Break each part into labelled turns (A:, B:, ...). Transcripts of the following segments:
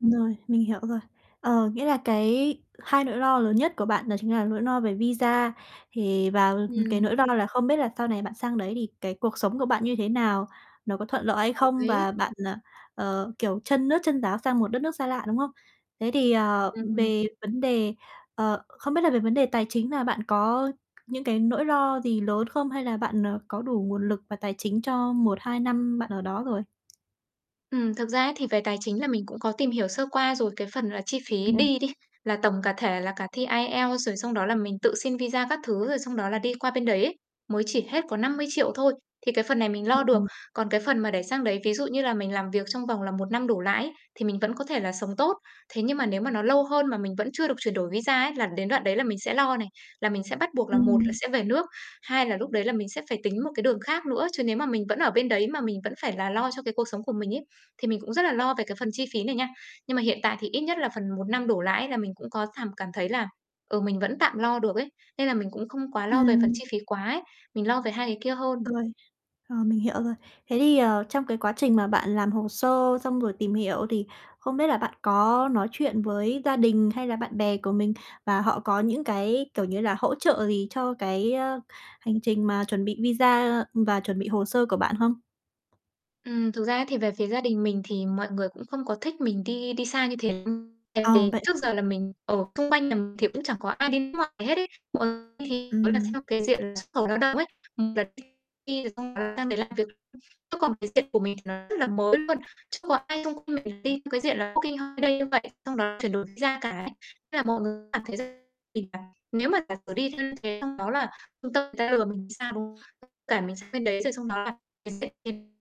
A: Rồi, mình hiểu rồi. Ờ, nghĩa là cái hai nỗi lo lớn nhất của bạn đó chính là nỗi no về visa, thì và cái
B: Ừm.
A: nỗi lo là không biết là sau này bạn sang đấy thì cái cuộc sống của bạn như thế nào, nó có thuận lợi hay
B: Đồng
A: không?
B: ý.
A: Và bạn, ờ, ờ, kiểu chân nước chân ráo sang một đất nước xa lạ, đúng không? Thế thì,
B: Ừm,
A: ờ,
B: ừm,
A: ừ,
B: ừm.
A: về vấn đề, ờ không biết là về vấn đề tài chính là bạn có những cái nỗi lo gì lớn không? Hay là bạn, ờ, có đủ nguồn lực và tài chính cho 1, 2 năm bạn ở đó rồi?
B: Ừm, thực ra ấy thì về tài chính là mình cũng có tìm hiểu sơ qua rồi, cái phần là chi phí
A: Ừm.
B: đi đi, là tổng cả thể là cả thi IELTS rồi, xong đó là mình tự xin visa các thứ, rồi xong đó là đi qua bên đấy ấy, mới chỉ hết có 50.000.000 thôi, thì cái phần này mình
A: Ừm,
B: lo được.
A: ừm.
B: Còn cái phần mà để sang đấy, ví dụ như là mình làm việc trong vòng là 1 năm đổ lại ấy, thì mình vẫn có thể là sống tốt. Thế nhưng mà nếu mà nó lâu hơn mà mình vẫn chưa được chuyển đổi visa ấy, là đến đoạn đấy là mình sẽ lo này, là mình sẽ bắt buộc là một là
A: Ừm.
B: sẽ về nước, hai là lúc đấy là mình sẽ phải tính một cái đường khác nữa. Chứ nếu mà mình vẫn ở bên đấy mà mình vẫn phải là lo cho cái cuộc sống của mình ấy, thì mình cũng rất là lo về cái phần chi phí này nha. Nhưng mà hiện tại thì ít nhất là phần 1 năm đổ lại là mình cũng có thảm cảm thấy là, ừ, mình vẫn tạm lo được ấy, nên là mình cũng không quá lo về phần
A: Ừm.
B: chi phí quá ấy, mình lo về 2 cái kia hơn.
A: Rồi, ờ, mình hiểu rồi. Thế thì, ờ, trong cái quá trình mà bạn làm hồ sơ, xong rồi tìm hiểu thì không biết là bạn có nói chuyện với gia đình hay là bạn bè của mình, và họ có những cái, kiểu như là, hỗ trợ gì cho cái, ơ, hành trình mà chuẩn bị visa, ừm, và chuẩn bị hồ sơ của bạn không?
B: Ừm, thực ra ấy, thì về phía gia đình mình thì mọi người cũng không có thích mình đi đi xa như thế lắm. Tại
A: Ờ,
B: vì
A: vậy
B: trước
A: à?
B: giờ là mình ở xung quanh nhà mình thì cũng chẳng có ai đi nước ngoài hết ấy, hoặc thì, gọi là,
A: Ừm.
B: theo cái diện là xuất khẩu lao động ấy, một là đi rồi xong sang đấy làm việc, chứ còn cái diện của mình thì nó rất là mới luôn, chưa có ai xung quanh mình đi theo cái diện là "Working Holiday" như vậy, xong đó chuyển đổi visa cả ấy. Thế là mọi người cảm thấy rằng thì là nếu mà giả sử đi như thế, xong đó là ta người ta lừa mình thì sao, đúng không? Với cả mình sang bên đấy, rồi xong đó là mình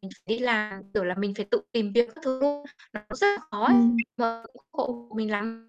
B: mình phải đi làm, kiểu là, mình phải tự tìm việc các thứ luôn, nó cũng rất là khó ấy, nên
A: Ừm.
B: là không ủng hộ mình lắm.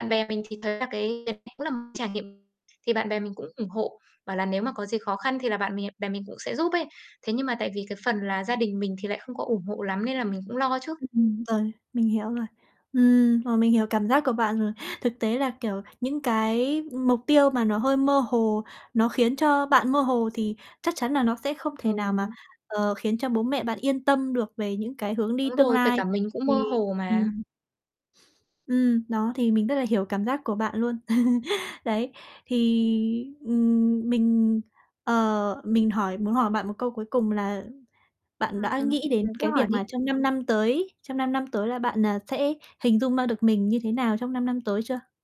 B: Bạn bè mình thì thấy là cái cái này cũng là một trải nghiệm thì bạn bè mình cũng ủng hộ, bảo là nếu mà có gì khó khăn thì là bạn mè bè mình cũng sẽ giúp ấy. Thế nhưng mà tại vì cái phần là gia đình mình thì lại không có ủng hộ lắm nên là mình cũng lo chứ.
A: Ừm, rồi, mình hiểu rồi. Ừm, ờ, mình hiểu cảm giác của bạn rồi. Thực tế là kiểu những cái mục tiêu mà nó hơi mơ hồ, nó khiến cho bạn mơ hồ thì chắc chắn là nó sẽ không thể nào mà,
B: Ừm.
A: ờ, khiến cho bố mẹ bạn yên tâm được về những cái hướng đi
B: Đúng
A: tương
B: rồi, kể cả
A: lai,
B: mình cũng mơ
A: thì
B: hồ mà.
A: ừm. Ừm, đó, thì mình rất là hiểu cảm giác của bạn luôn. Đấy, thì, ừm, mình, ờ, mình hỏi muốn hỏi bạn một câu cuối cùng là bạn
B: Ừm,
A: đã
B: ừm,
A: nghĩ đến
B: bạn cứ
A: cái
B: hỏi
A: việc mà
B: đi.
A: trong 5 năm tới, trong 5 năm tới là bạn, à, sẽ hình dung ra được mình như thế nào trong 5 năm tới chưa?